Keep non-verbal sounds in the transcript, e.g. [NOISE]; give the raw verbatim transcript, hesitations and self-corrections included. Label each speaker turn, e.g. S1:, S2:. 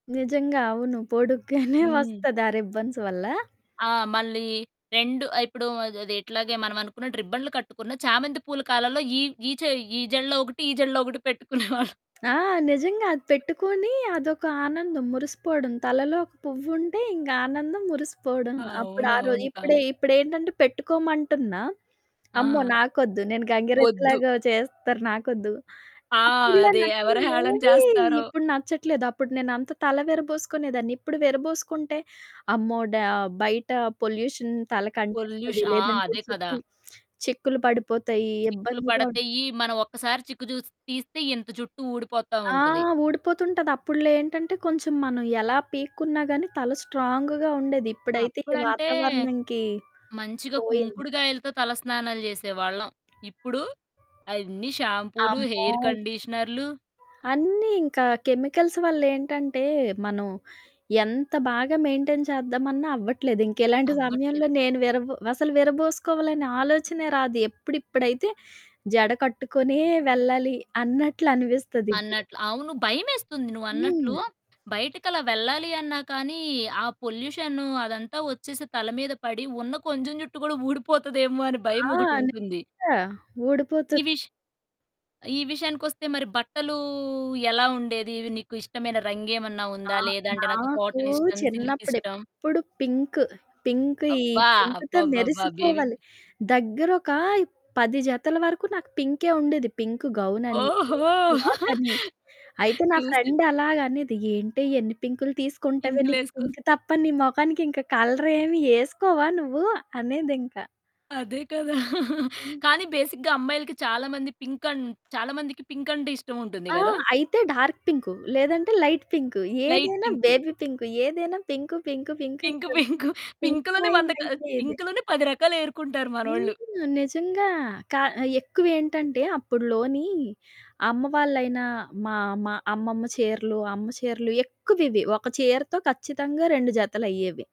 S1: నిజంగా అవును. పొడుగ్గానే [GIGGLES]
S2: హ్మ్.
S1: వస్తది ఆ రిబ్బన్స్ వల్ల.
S2: ఆ! మళ్ళీ రెండు ఇప్పుడు అద్ అది ఇట్లాగే మనం అనుకున్నట్టు రిబ్బన్లు కట్టుకున్న చామెంతి పూల కాలాల్లో ఈ, ఈ చె ఈ జెడలో ఒకటి, ఈ జెళ్లో ఒకటి పెట్టుకునేవాళ్ళం. [GIGGLES]
S1: ఆ! నిజంగా అది పెట్టుకొని అదొక ఆనందం మురిసిపోవడం. తలలో ఒక పువ్వుంటే ఇంకా ఆనందం మురిసిపోవడం. అప్పుడు
S2: అవును.
S1: ఆ రో
S2: అవును.
S1: ఇప్పుడు,
S2: కానీ
S1: ఇప్పుడేంటంటే పెట్టుకోమంటున్నా, "అమ్మో!
S2: ఆ!
S1: నాకొద్దు. నేను
S2: వద్దు.
S1: గంగిరెద్దులాగా చేస్తారు నాకొద్దు."
S2: ఆ!
S1: ఇప్పుడిలా
S2: అది ఎవరు హేళన
S1: నచ్చెనవేవి
S2: చేస్తారో?
S1: ఇప్పుడు నచ్చట్లేదు. అప్పుడు నేనంత తల విరబోసుకునేదాన్ని. ఇప్పుడు విరబోసుకుంటే అమ్మో! డా బయట పొల్యూషన్
S2: పొల్యూష్
S1: తలకంటేస్తది.
S2: ఆ!
S1: లేదంటే
S2: అదే కదా!
S1: చిక్కులు చిక్కులు పడిపోతాయి
S2: చిక్కులు
S1: ఇబ్బందిగా ఉన్
S2: పడతయీ. మనం ఒక్కసారి చిక్కు చూసి తీస్తే ఇంత జుట్టూ ఊడిపోతా
S1: ఆ!
S2: ఉంటది.
S1: ఊడిపోతుంటది. అప్పుడ్లో ఏంటంటే కొంచెం మనం ఎలా పీక్కున్నా గానీ తల స్ట్రాంగ్‌గా ఉండేది. ఇప్పుడైతే ఈ
S2: అప్పుడంటే.
S1: వాతావరణంకి.
S2: మంచిగా
S1: పోయింది.
S2: కుంకుడుగాయలతో తల స్నానాలు జేసేవాళ్ళం. ఇప్పుడు అన్ని షాంపూలు,
S1: అమ్మో!
S2: హెయిర్ కండిషనర్లు.
S1: అన్నీ ఇంకా కెమికల్స్ వల్లేంటంటే, మనం ఎంత బాగా మెయిన్‌టైన్ చేద్దామన్నా అవ్వట్లేదు. ఇంకిలాంటి
S2: అవ్వట్లేదు.
S1: సమయంలో నేను విరబు అసలు విరబోసుకోవాలనే ఆలోచనే రాదు. ఎప్పుడిప్పుడైతే జడ కట్టుకొనే వెళ్ళాలి అన్నట్లు అనిపిస్తదిప్పుడు.
S2: అన్నట్లు. అవును. భయమేస్తుంది నువ్వన్నట్లు,
S1: హ్మ్.
S2: బయటికలా వెళ్ళాలి అన్నా కానీ, ఆ పొల్యూషనూ అదంతా వచ్చేసి తల మీద పడి, ఉన్న కొంచెం జుట్టు కూడా ఊడిపోతదేమో అని
S1: ఆ!
S2: భయమొకటుంటుంది.
S1: నిజంగా ఊడిపోతది.
S2: ఈ విష్ ఈ విషయానికొస్తే మరి బట్టలూ ఎలా ఉండేది? నీకు ఇష్టమైన రంగేమన్నా
S1: ఆ!
S2: ఉందా? లేదాంటే నాకు
S1: నాకు
S2: కాటనిష్టం, సిల్కిష్టం.
S1: చిన్నప్పుడెప్పుడు పింకు. పింకు ఈ
S2: అబ్బా!
S1: పింకుతో
S2: అబ్బబ్బబ్బ! బేబి
S1: మెరిసిపోవాలి. దగ్గరొక పది జతల వరకు నాకు పింకే ఉండేది. పింకు గౌనని,
S2: ఓహో!
S1: పింకు ఫ్రాకని
S2: [CHUCKLES]
S1: అయితే నా
S2: చూసి
S1: ఫ్రెండు అలాగనేది, "ఏంటే ఎన్ని పింకులు తీసుకుంటవే? నీకు
S2: పింకులేసుకోస్
S1: పింకు తప్ప నీ మొఖానికి ఇంక కలరేమి ఏసుకోవా నువ్వు." అనేదింక.
S2: అదే కదా! [CHUCKLES]
S1: హ్మ్.
S2: కానీ బేసిక్‌గా అమ్మాయిలకి చాలామంది పింకన్ చాలామందికి పింకంటే ఇష్టం ఉంటుంది
S1: ఆ!
S2: గదా!
S1: అయితే డార్క్ పింకు, లేదంటే లైట్ పింకు,
S2: లైట్
S1: ఏదైనా
S2: పింకు.
S1: Baby pink. ఏదైనా పింకు, పింకు, పింకు ఇంక
S2: పింకు,
S1: హ్మ్,
S2: పింకు, [GIGGLES]
S1: పింక్
S2: పింకులోనే
S1: మయం
S2: వంద క
S1: అయిపోయేది.
S2: పింకులోనే పది రకాలేరుకుంటారు
S1: హ్మ్.
S2: మనోళ్ళు.
S1: నిజంగా కా ఎక్కువేంటంటే అప్పుడ్లోని అమ్మవాళ్ళైన, మా, మా అమ్మమ్మ చీరలు, అమ్మ చీరలు ఎక్కువివి. ఒక చీరతో ఖచ్చితంగా రెండు జతలయ్యేవి.